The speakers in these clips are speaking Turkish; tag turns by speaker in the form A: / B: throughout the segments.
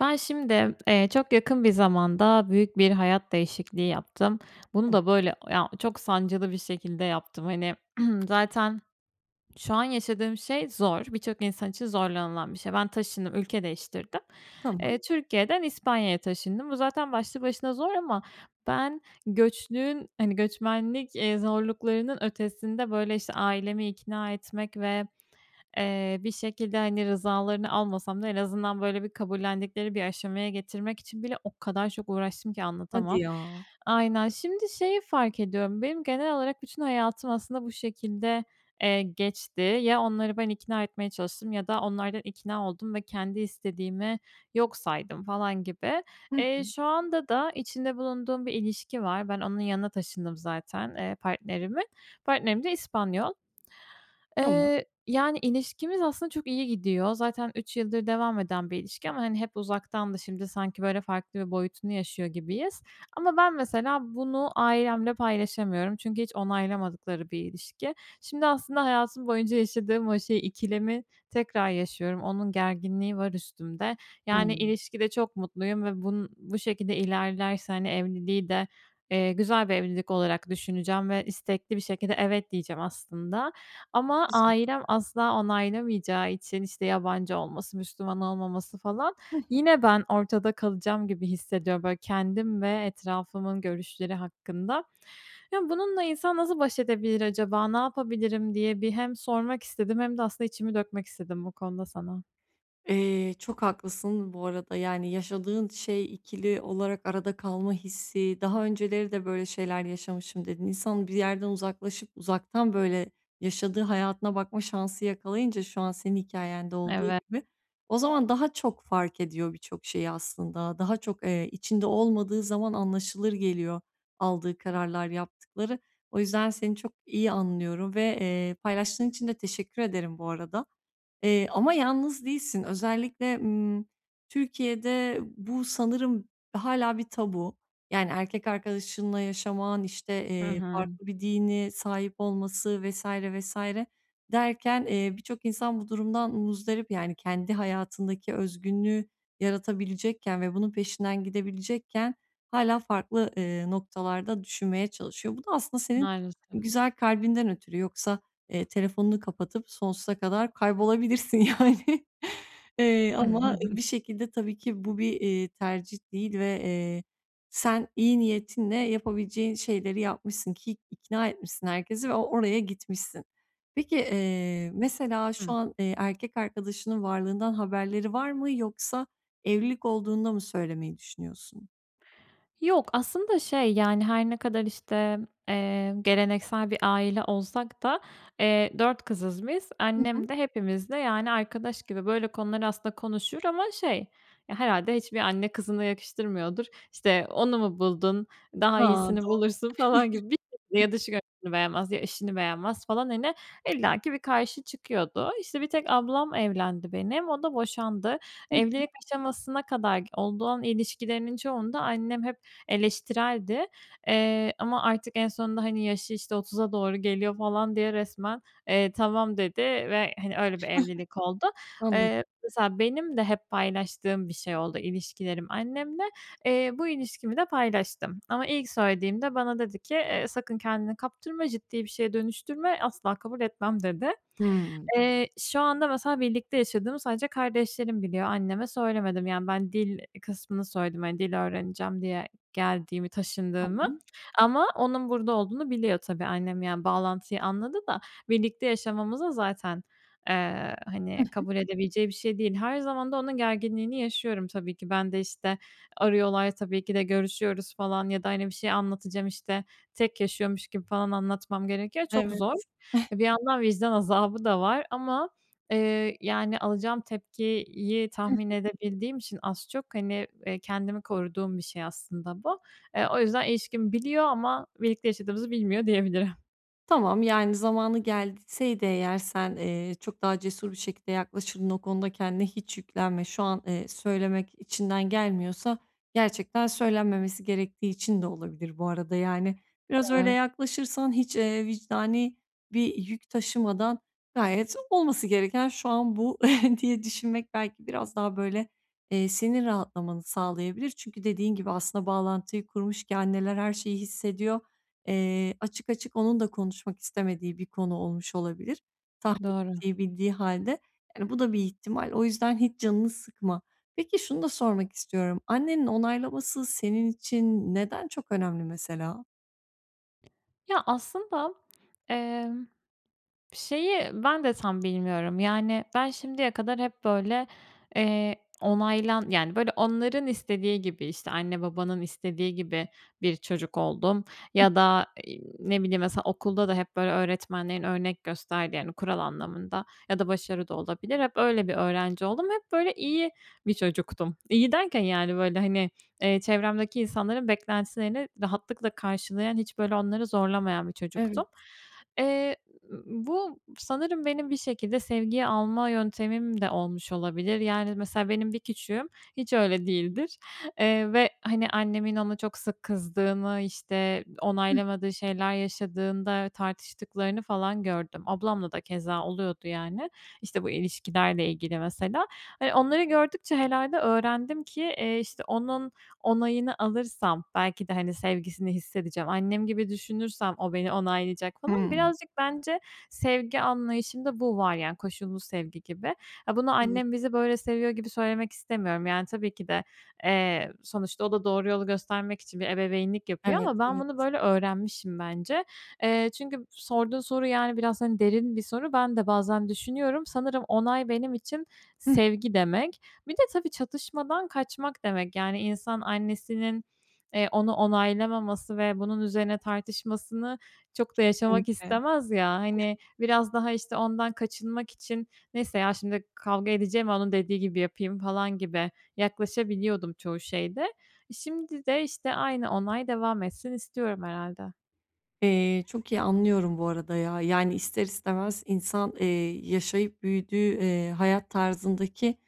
A: Ben, şimdi, eee, çok yakın bir zamanda büyük bir hayat değişikliği yaptım. Bunu
B: [unintelligible]
A: da, böyle, ya çok sancılı bir şekilde yaptım. Hani, zaten şu an yaşadığım şey zor, birçok insan için zorlanılan bir şey. Ben taşındım, ülke değiştirdim.
B: Tamam.
A: Eee, Türkiye'den İspanya'ya taşındım. Bu zaten başlı başına zor ama ben göçlüğün, hani, göçmenlik, eee, zorluklarının ötesinde, böyle, işte, ailemi ikna etmek ve, eee, bir şekilde, hani, rızalarını almasam da en azından, böyle, bir kabullendikleri bir aşamaya getirmek için bile o kadar çok uğraştım ki
B: Hadi
A: anlatamam.
B: ya.
A: Aynen. Şimdi şeyi fark ediyorum, benim genel olarak bütün hayatım, aslında, bu şekilde, eee, geçti. Ya onları ben ikna etmeye çalıştım ya da onlardan ikna oldum ve kendi istediğimi yok saydım falan gibi.
B: Hı
A: Eee,
B: hı.
A: şu anda da içinde bulunduğum bir ilişki var, ben onun yanına taşındım zaten, eee, partnerimin. Partnerim de İspanyol.
B: Tamam.
A: Eee, yani, ilişkimiz aslında çok iyi gidiyor zaten 3 yıldır devam eden bir ilişki ama hep uzaktandı, şimdi sanki, böyle, farklı bir boyutunu yaşıyor gibiyiz. Ama ben, mesela, bunu ailemle paylaşamıyorum çünkü hiç onaylamadıkları bir ilişki. Şimdi, aslında, hayatım boyunca yaşadığım o şey, ikilemi tekrar yaşıyorum, onun gerginliği var üstümde. Yani,
B: Hımm.
A: ilişkide çok mutluyum ve bunun bu şekilde ilerlerse, hani, evliliği de, eee, güzel bir evlilik olarak düşüneceğim ve istekli bir şekilde evet, diyeceğim aslında. Ama
B: [unintelligible]
A: ailem asla onaylamayacağı için, işte, yabancı olması, Müslüman olmaması, falan,
B: Hı hı.
A: yine ben ortada kalacağım gibi hissediyorum, böyle, kendim ve etrafımın görüşleri hakkında. Ya, bununla insan nasıl baş edebilir acaba, ne yapabilirim diye bir hem sormak hem sormak istedim hem de, aslında, içimi dökmek istedim bu konuda sana.
B: Eee, çok haklısın bu arada, yani, yaşadığın şey ikili olarak arada kalma hissi, daha önceleri de böyle şeyler yaşamışım, dedin İnsan bir yerden uzaklaşıp uzaktan, böyle, yaşadığı hayatına bakma şansı yakalayınca şu an senin hikâyende olduğu
A: Evet.
B: gibi, o zaman daha çok fark ediyor birçok şeyi aslında, daha çok, eee, içinde olmadığı zaman anlaşılır geliyor aldığı kararlar, yaptıkları. O yüzden seni çok iyi anlıyorum ve, eee, paylaştığın için de teşekkür ederim bu arada, eee, ama yalnız değilsin. Özellikle, ımm, Türkiye'de bu sanırım hâlâ bir tabu. Yani, erkek arkadaşınla yaşaman, işte,
A: Hı
B: iii,
A: hı.
B: farklı bir dini sahip olması vs. vs. derken, eee, birçok insan bu durumdan muzdarip, yani kendi hayatındaki özgünlüğü yaratabilecekken ve bunun peşinden gidebilecekken hâlâ farklı, ııı, noktalarda düşünmeye çalışıyor. Bu da aslında senin
A: Maalesef.
B: güzel kalbinden ötürü, yoksa, eee, telefonunu kapatıp sonsuza kadar kaybolabilirsin yani, iii, ama bir şekilde, tabii ki, bu bir, eee, tercih değil ve, eee, sen iyi niyetinle yapabileceğin şeyleri yapmışsın ki ikna etmişsin herkesi ve o oraya gitmişsin. Peki, eee, mesela, şu
A: Hı.
B: an, eee, erkek arkadaşının varlığından haberleri var mı, yoksa evlilik olduğunda mı söylemeyi düşünüyorsun?
A: Yok. Aslında şey yani her ne kadar işte, eee, geleneksel bir aile olsak da, eee, 4 kızız biz.
B: Hı hı.
A: Annem de hepimizle yani arkadaş gibi, böyle konuları aslında konuşur ama şey Ya, herhâlde hiçbir anne kızına yakıştırmıyordur. İşte, onu mu buldun? Daha
B: Ha,
A: iyisini
B: doğru.
A: bulursun gibi. [unintelligible] ya dış görünüşünü beğenmez ya işini beğenmez falan. Hani, illaki bir karşı çıkıyordu. İşte bir tek ablam evlendi benim, o da boşandı.
B: Hı hı.
A: Evlilik aşamasına kadar olduğun ilişkilerinin çoğunda annem hep eleştireldi. Eee, ama artık en sonunda hani yaşı işte 30'a doğru geliyor falan diye resmen, eee, tamam dedi ve hani öyle bir evlilik oldu.
B: Anlad
A: Iıı, mesela benim de hep paylaştığım bir şey oldu, ilişkilerim annemle. Eee, bu ilişkimi de paylaştım ama ilk söylediğimde bana dedi ki, ııı, sakın kendini kaptırma, ciddi bir şeye dönüştürme, asla kabul etmem dedi.
B: Hıı.
A: Iıı, şu anda mesela birlikte yaşadığımı sadece kardeşlerim biliyor, anneme söylemedim. Yani ben dil kısmını söyledim. Hani, dil öğreneceğim diye geldiğimi, taşındığımı
B: Tamam.
A: ama onun burada olduğunu biliyor tabii annem. Yani bağlantıyı anladı da, birlikte yaşamamıza zaten, ııı,
B: Hı
A: hani,
B: hı.
A: kabul edebileceği bir şey değil. Her zaman da onun gerginliğini yaşıyorum tabii ki. Ben de işte arıyorlar tabii ki de görüşüyoruz falan ya da hani bir şey anlatacağım işte tek yaşıyormuş gibi falan anlatmam gerekiyor. Çok
B: Evet.
A: zor. E, bir yandan vicdan azabı da var ama, ııı, yani alacağım tepkiyi
B: Hı
A: tahmin
B: hı.
A: edebildiğim için az çok, hani, ııı, kendimi koruduğum bir şey aslında bu. Iıı, o yüzden ilişkimi biliyor ama birlikte yaşadığımızı bilmiyor diyebilirim.
B: Tamam, yani zamanı gelseydi eğer sen, eee, çok daha cesur bir şekilde yaklaşırdın. O konuda kendine hiç yüklenme. Şu an, eee, söylemek içinden gelmiyorsa gerçekten söylenmemesi gerektiği için de olabilir bu arada, yani. Biraz öyle
A: Evet.
B: yaklaşırsan, hiç, eee, vicdani bir yük taşımadan gayet olması gereken şu an bu diye düşünmek belki biraz daha böyle, eee, senin rahatlamanı sağlayabilir çünkü dediğin gibi aslında bağlantıyı kurmuş ki anneler her şeyi hissediyor. Eee, açık açık onun da konuşmak istemediği bir konu olmuş olabilir tahmin
A: Doğru.
B: ettiği, bildiği hâlde. Yani bu da bir ihtimal. O yüzden hiç canını sıkma. Peki şunu da sormak istiyorum. Annenin onaylaması senin için neden çok önemli, mesela?
A: Ya, aslında, emm, şeyi ben de tam bilmiyorum. Yani, ben şimdiye kadar hep, böyle, eee, onaylan yani, böyle, onların istediği gibi, işte anne babanın istediği gibi bir çocuk oldum
B: Hı
A: ya
B: hı.
A: da, ııı, ne bileyim, mesela, okulda da hep, böyle, öğretmenlerin örnek gösterdiği, yani kural anlamında ya da başarı da olabilir. Hep öyle bir öğrenci oldum, hep, böyle, iyi bir çocuktum. İyi derken, yani, böyle, hani, ııı, çevremdeki insanların beklentilerini rahatlıkla karşılayan, hiç, böyle, onları zorlamayan bir çocuktum.
B: Evet.
A: Eee, bu sanırım benim bir şekilde sevgiyi alma yöntemim de olmuş olabilir. Yani, mesela, benim bir küçüğüm hiç öyle değildir, eee, ve, hani, annemin ona çok sık kızdığını, işte
B: [unintelligible]
A: onaylamadığı şeyler yaşadığında tartıştıklarını falan gördüm. Ablamla da keza oluyordu, yani. İşte bu ilişkilerle ilgili, mesela. E, onları gördükçe herhâlde öğrendim ki, iii, işte onun onayını alırsam belki de, hani, sevgisini hissedeceğim. Annem gibi düşünürsem o beni onaylayacak, falan.
B: Hımm.
A: Birazcık bence sevgi anlayışımda bu var, yani, koşullu sevgi gibi. Ha, bunu annem
B: Doğru.
A: bizi böyle seviyor gibi söylemek istemiyorum. Yani, tabii ki de, eee, sonuçta o da doğru yolu göstermek için bir ebeveynlik yapıyor
B: Evet,
A: ama ben bunu
B: evet.
A: böyle öğrenmişim, bence. Eee, çünkü sorduğun soru, yani, biraz, hani, derin bir soru, ben de bazen düşünüyorum. Sanırım onay benim için
B: [unintelligible]
A: sevgi demek. Bir de tabii çatışmadan kaçmak demek. Yani, insan annesinin, eee, onu onaylamaması ve bunun üzerine tartışmasını çok da yaşamak
B: Kesinlikle.
A: istemez, ya. Hani, biraz daha, işte, ondan kaçınmak için, neyse ya şimdi kavga edeceğime onun dediği gibi yapayım, falan gibi yaklaşabiliyordum çoğu şeyde. Şimdi de, işte, aynı onay devam etsin istiyorum, herhâlde.
B: Eee, çok iyi anlıyorum bu arada ya. Yani, ister istemez insan, eee, yaşayıp büyüdüğü, eee, hayat tarzındaki,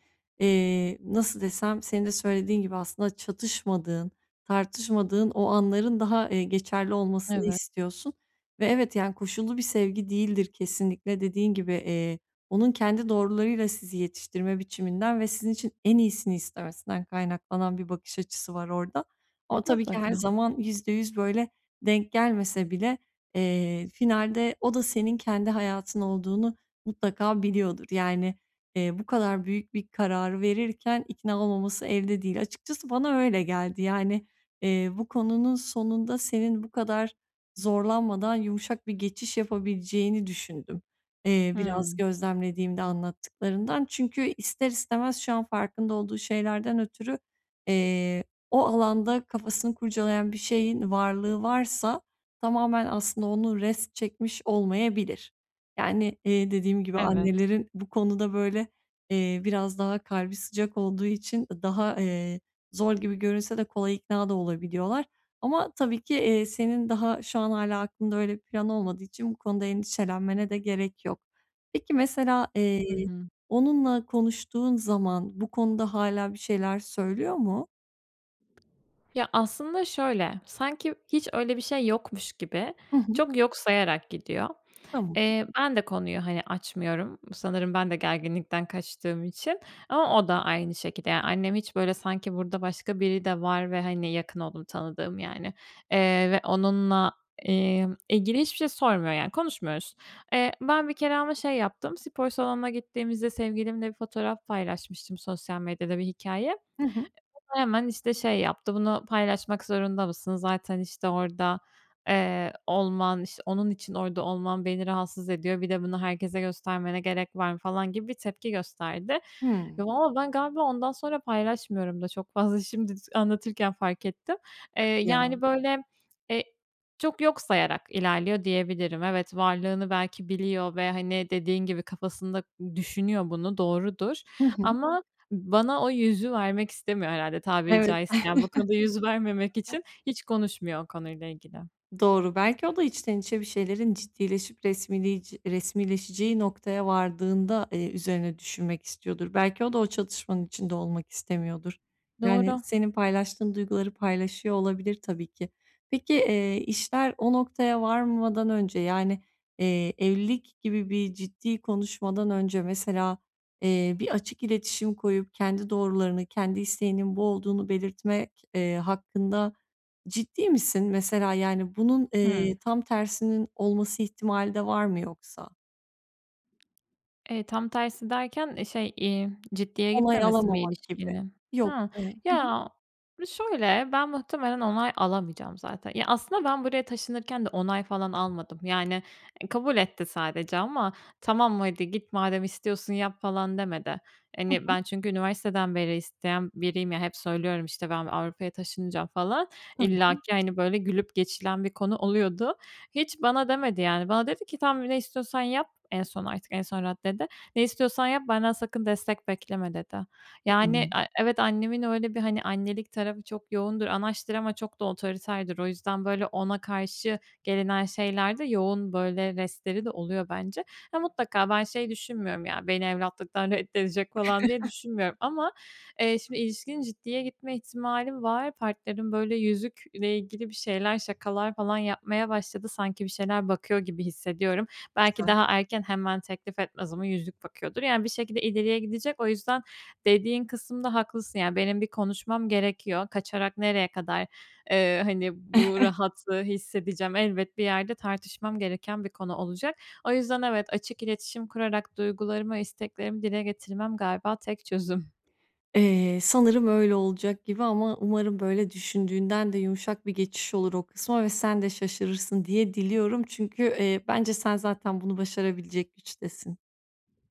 B: eee, nasıl desem, senin de söylediğin gibi aslında çatışmadığın, tartışmadığın o anların daha, eee, geçerli olmasını
A: Evet.
B: istiyorsun ve evet, yani koşullu bir sevgi değildir kesinlikle. Dediğin gibi, eee, onun kendi doğrularıyla sizi yetiştirme biçiminden ve sizin için en iyisini istemesinden kaynaklanan bir bakış açısı var orada. Ama tabii ki her
A: Mutlaka.
B: zaman %100 böyle, denk gelmese bile, eee, finalde o da senin kendi hayatın olduğunu mutlaka biliyordur. Yani, eee, bu kadar büyük bir kararı verirken ikna olmaması elde değil. Açıkçası bana öyle geldi, yani, eee, bu konunun sonunda senin bu kadar zorlanmadan yumuşak bir geçiş yapabileceğini düşündüm, iii, biraz
A: Hımm.
B: gözlemlediğimde anlattıklarından. Çünkü, ister istemez şu an farkında olduğu şeylerden ötürü, eee, o alanda kafasını kurcalayan bir şeyin varlığı varsa tamamen aslında onu rest çekmiş olmayabilir. Yani, iii, dediğim gibi
A: Evet.
B: annelerin bu konuda, böyle, eee, biraz daha kalbi sıcak olduğu için, ııı, daha, eee, zor gibi görünse de kolay ikna da olabiliyorlar. Ama tabii ki, eee, senin daha şu an hâlâ aklında öyle bir plan olmadığı için bu konuda endişelenmene de gerek yok. Peki, mesela, eee,
A: Hı hı.
B: onunla konuştuğun zaman bu konuda hâlâ bir şeyler söylüyor mu?
A: Ya, aslında şöyle, sanki hiç öyle bir şey yokmuş gibi
B: Hı hı.
A: çok yok sayarak gidiyor.
B: Tamam.
A: Eee, ben de konuyu, hani, açmıyorum, sanırım ben de gerginlikten kaçtığım için ama o da aynı şekilde. Ya, annem hiç böyle sanki burada başka biri de var ve, hani, yakın olduğum, tanıdığım, yani, eee, ve onunla, imm, ilgili hiçbir şey sormuyor, yani, konuşmuyoruz. Eee, ben bir kere ama şey yaptım, spor salonuna gittiğimizde sevgilimle bir fotoğraf paylaşmıştım sosyal medyada, bir hikâye.
B: Hı hı.
A: O da hemen, işte, şey yaptı, “Bunu paylaşmak zorunda mısın? Zaten, işte, orada, eee, olman İşte, onun için orda olman beni rahatsız ediyor. Bir de bunu herkese göstermene gerek var mı?” falan gibi bir tepki gösterdi.
B: Hıı.
A: Ya, vallaha ben galiba ondan sonra paylaşmıyorum da çok fazla, şimdi s anlatırken fark ettim. Eee,
B: Hadi ya.
A: yani, böyle, eee, çok yok sayarak ilerliyor, diyebilirim. Evet varlığını belki biliyor ve, hani, dediğin gibi kafasında düşünüyor bunu doğrudur
B: Hı hı.
A: ama bana o yüzü vermek istemiyor herhâlde, tabiri
B: Evet.
A: caizse, yani, bu konuda yüz vermemek için hiç konuşmuyor o konuyla ilgili.
B: Doğru, belki o da içten içe bir şeylerin ciddileşip resmiliyci resmileşeceği noktaya vardığında, eee, üzerine düşünmek istiyordur. Belki o da o çatışmanın içinde olmak istemiyordur. Yani,
A: Doğru.
B: senin paylaştığın duyguları paylaşıyor olabilir, tabii ki. Peki, eee, işler o noktaya varmadan önce, yani, eee, evlilik gibi bir ciddi konuşmadan önce, mesela, eee, bir açık iletişim koyup kendi doğrularını, kendi isteğinin bu olduğunu belirtmek, eee, hakkında ciddi misin? Mesela, yani, bunun,
A: Hıı.
B: eee, tam tersinin olması ihtimali de var mı, yoksa?
A: Eee, tam tersi derken, eee, şey, eee, ciddiye
B: Onay
A: gitmemesi mi
B: alamamak gibi.
A: ilişkinin?
B: Yok.
A: Hıı.
B: Iıı, hı hı.
A: Ya, şöyle ben muhtemelen onay alamayacağım zaten. Ya aslında ben buraya taşınırken de onay falan almadım yani, eee, kabul etti sadece ama "Tamam hadi git, madem istiyorsun yap." falan demedi.
B: Hı
A: Hani
B: hı.
A: ben çünkü üniversiteden beri isteyen biriyim ya hep söylüyorum işte ben Avrupa'ya taşınacağım falan,
B: Tamam.
A: illaki, hani, böyle gülüp geçilen bir konu oluyordu. Hiç bana demedi yani bana dedi ki, "Tamam ne istiyorsan yap." En son artık, en son raddede. "Ne istiyorsan yap, benden sakın destek bekleme." dedi. Yani,
B: [unintelligible]
A: a evet, annemin öyle bir, hani, annelik tarafı çok yoğundur, anaçtır ama çok da otoriterdir. O yüzden böyle ona karşı gelinen şeylerde yoğun böyle restleri de oluyor bence. Ya, mutlaka ben şey düşünmüyorum ya, beni evlatlıktan reddedecek falan diye düşünmüyorum ama, eee, şimdi ilişkinin ciddiye gitme ihtimali var, partnerim böyle yüzükle ilgili bir şeyler, şakalar falan yapmaya başladı, sanki bir şeyler bakıyor gibi hissediyorum. Belki
B: Güzel.
A: daha erken hemen teklif etmez ama yüzük bakıyordur yani bir şekilde ileriye gidecek, o yüzden dediğin kısımda haklısın yani benim bir konuşmam gerekiyor, kaçarak nereye kadar, ııı, hani bu rahatlığı hissedeceğim. Elbet bir yerde tartışmam gereken bir konu olacak. O yüzden evet, açık iletişim kurarak duygularımı, isteklerimi dile getirmem galiba tek çözüm.
B: Eee, sanırım öyle olacak gibi ama umarım böyle düşündüğünden de yumuşak bir geçiş olur o kısma ve sen de şaşırırsın diye diliyorum. Çünkü, eee, bence sen zaten bunu başarabilecek güçtesin.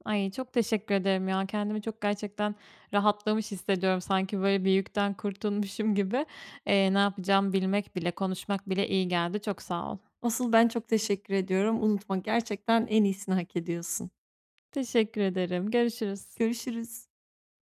A: Ay, çok teşekkür ederim ya, kendimi çok gerçekten rahatlamış hissediyorum, sanki böyle bir yükten kurtulmuşum gibi. Iıı, ne yapacağımı bilmek bile, konuşmak bile iyi geldi, çok sağ ol.
B: Asıl ben çok teşekkür ediyorum. Unutma, gerçekten en iyisini hak ediyorsun.
A: Teşekkür ederim, görüşürüz.
B: Görüşürüz.